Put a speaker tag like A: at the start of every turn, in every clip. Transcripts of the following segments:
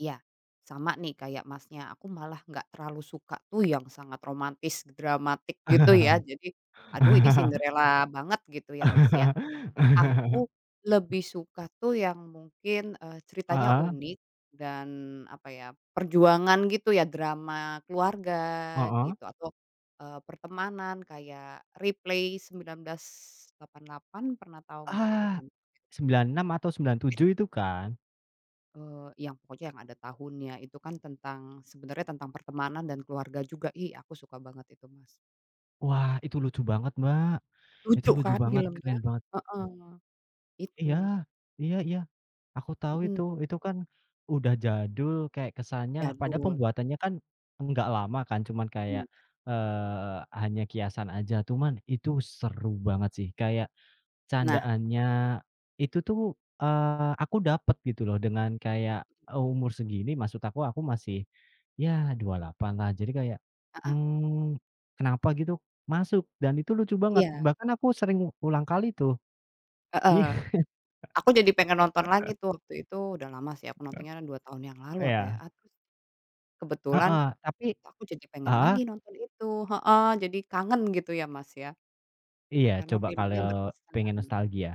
A: Iya. Sama nih kayak, Masnya. Aku malah enggak terlalu suka tuh yang sangat romantis dramatik gitu ya. Jadi, "Aduh ini Cinderella banget." Gitu ya, Mas, ya. Aku lebih suka tuh yang mungkin, eee, ceritanya
B: Heeh.
A: unik dan apa ya, perjuangan gitu ya drama keluarga
B: Heeh.
A: gitu atau, eee, pertemanan kayak Replay 1988, pernah tahu enggak? Itu
B: Ah.
A: film Korea juga.
B: 96 atau sembilan
A: Eh
B: tujuh itu kan?
A: Eee, yang pokoknya yang ada tahunnya itu kan tentang sebenarnya tentang pertemanan dan keluarga juga, ih aku suka banget itu, Mas.
B: Wah, itu lucu banget, Mbak, itu
A: Lucu
B: lucu
A: kan
B: banget,
A: filmnya?
B: keren banget.
A: Heeh,
B: Iya
A: itu.
B: iya iya. Aku tahu itu.
A: Mhm.
B: Itu kan udah jadul kayak kesannya padahal
A: Jadul.
B: pembuatannya kan enggak lama kan cuman kayak,
A: Enggak.
B: eee, hanya kiasan aja. Cuman itu seru banget sih. Kayak
A: Nah.
B: candaannya itu tuh, eee, aku dapat gitu loh dengan kayak,
A: Mhm.
B: eee, umur segini maksud aku, aku masih ya 28-lah. Jadi kayak,
A: Heeh.
B: mmm, kenapa gitu masuk dan itu lucu banget.
A: Iya.
B: Bahkan aku sering ulang kali tuh. Iya.
A: Heeh. Aku jadi pengen nonton lagi tuh. Waktu itu udah lama sih, aku nontonnya 2 tahun yang lalu apa ya
B: Eya.
A: atau s kebetulan
B: Heeh, tapi
A: kok aku jadi pengen
B: heeh?
A: lagi nonton itu, heeh, jadi kangen gitu ya, Mas, ya.
B: Iya,
A: Karena
B: coba
A: filmnya
B: kalau
A: berkesan.
B: pengen nostalgia.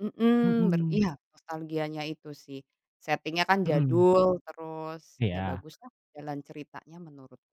A: Mhm, ber
B: Mhm.
A: iya nostalgianya itu sih. Setingnya kan
B: Mhm.
A: jadul terus iya
B: Iya.
A: baguslah jalan ceritanya menurutku.